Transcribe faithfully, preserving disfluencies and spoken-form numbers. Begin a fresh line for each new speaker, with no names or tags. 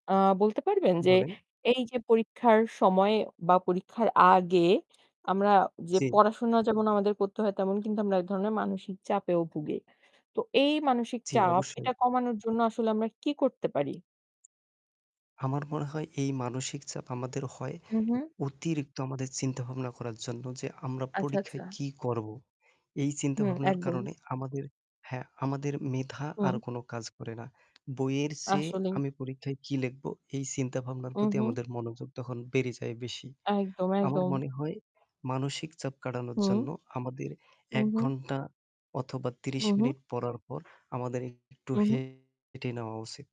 আ বলতে পারবেন যে
বলেন।
এই যে পরীক্ষার সময়ে বা পরীক্ষার আগে আমরা যে
জি।
পড়াশোনা যেমন আমাদের করতে হয় তেমন কিন্তু আমরা এক ধরনের মানসিক চাপেও ভুগি। তো এই মানসিক
জি
চাপ
অবশ্যই।
এটা কমানোর জন্য আসলে আমরা কী করতে পারি?
আমার মনে হয় এই মানসিক চাপ আমাদের হয়
উহু।
অতিরিক্ত আমাদের চিন্তাভাবনা করার জন্য যে আমরা
আচ্ছা,
পরীক্ষায়
আচ্ছা।
কী করব। এই
হুম,
চিন্তাভাবনার
একদম।
কারণে আমাদের হ্যাঁ, আমাদের মেধা আর
হুম।
কোন কাজ করে না। বইয়ের চেয়ে
আসলেই।
আমি পরীক্ষায় কী লিখব, এই চিন্তাভাবনার প্রতি
উহু।
আমাদের মনোযোগ তখন বেড়ে যায় বেশি।
একদম,
আমার
একদম।
মনে হয় মানসিক চাপ কাটানোর
হুম।
জন্য আমাদের এক
উহু।
ঘণ্টা অথবা ত্রিশ
উহু।
মিনিট পড়ার পর আমাদের একটু
উহু।
হেঁটে নেওয়া উচিত।